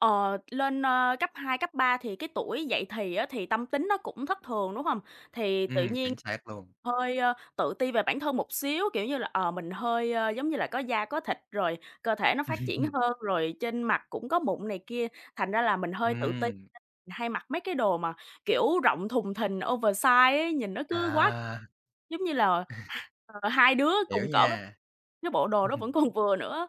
Ờ, lên, ơ, cấp 2, cấp 3 thì cái tuổi dậy thì á thì tâm tính nó cũng thất thường, đúng hông? Thì tự Ừm, nhiên chính xác luôn. hơi, ơ, tự ti về bản thân một xíu, kiểu như là, ờ, mình hơi, ơ, giống như là có da có thịt, rồi cơ thể nó phát triển hơn, rồi trên mặt cũng có mụn này kia, thành ra là mình hơi tự ti nên Ừm. mình hay mặc mấy cái đồ mà, kiểu, rộng thùng thình oversize ấy, nhìn nó cứ quá À. giống như là, h ờ, 2 đứa Hiểu cùng cỡ với nha. cái bộ đồ đó vẫn còn vừa nữa á.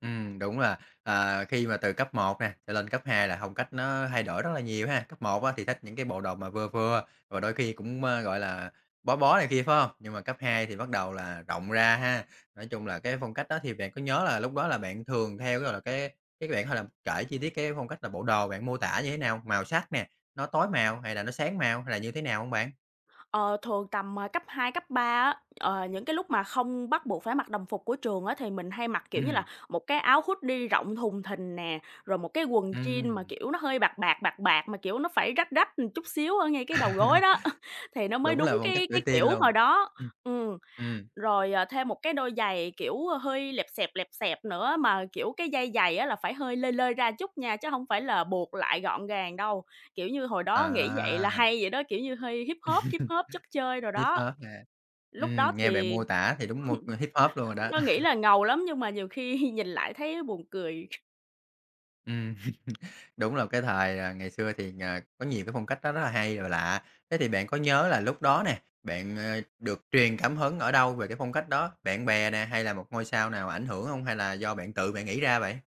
Ừm, đúng là, à, khi mà từ cấp 1 nè cho lên cấp 2 là phong cách nó thay đổi rất là nhiều ha. Cấp 1 á thì thích những cái bộ đồ mà vừa vừa và đôi khi cũng, ơ, gọi là, bó bó này kia, phải hông? Nhưng mà cấp 2 thì bắt đầu là rộng ra ha. Nói chung là cái phong cách đó thì bạn có nhớ là lúc đó là bạn thường theo cái, gọi là, cái cái bạn thể là kể chi tiết cái phong cách là bộ đồ bạn mô tả như thế nào? Màu sắc nè, nó tối màu hay là nó sáng màu hay là như thế nào hông bạn? Ờ, thường tầm, ờ, cấp 2, cấp 3 á, ờ, những cái lúc mà không bắt buộc phải mặc đồng phục của trường á thì mình hay mặc, kiểu như Ừm. là, một cái áo hoodie rộng thùng thình nè, rồi một cái quần jeans mà Ừm. kiểu nó hơi bạc bạc, bạc bạc, mà kiểu nó phải rách rách, ừm, chút xíu ở ngay cái đầu gối đó thì nó mới Đúng đúng là phong cách cái tuổi cái teen kiểu luôn, hồi đó, ừm. ừm. Ừm. Rồi, à, thêm một cái đôi giày, kiểu, hơi lẹp xẹp, lẹp xẹp nữa mà, kiểu, cái dây giày á là phải hơi lơi lơi ra chút nha, chứ hông phải là buộc lại gọn gàng đâu. Kiểu như, hồi đó nghĩ vậy là À. hay vậy đó, kiểu như, hơi hip hop, hip hop chất chơi đồ Hip đó. hop ha. Lúc đó Ừm, nghe bạn thì, mô tả thì đúng mô ờ, hip hop luôn rồi lúc đó. đó nghĩ là ngầu lắm nhưng mà nhiều khi nhìn lại thấy buồn cười. Ừm, Đúng là cái thời, à, ngày xưa thì, ờ, có nhiều cái phong cách nó rất là hay và lạ. Thế thì bạn có nhớ là lúc đó nè, bạn, ờ, được truyền cảm hứng ở đâu về cái phong cách đó? Bạn bè nè hay là một ngôi sao nào ảnh hưởng hông? Hay là do bạn tự bạn nghĩ ra vậy?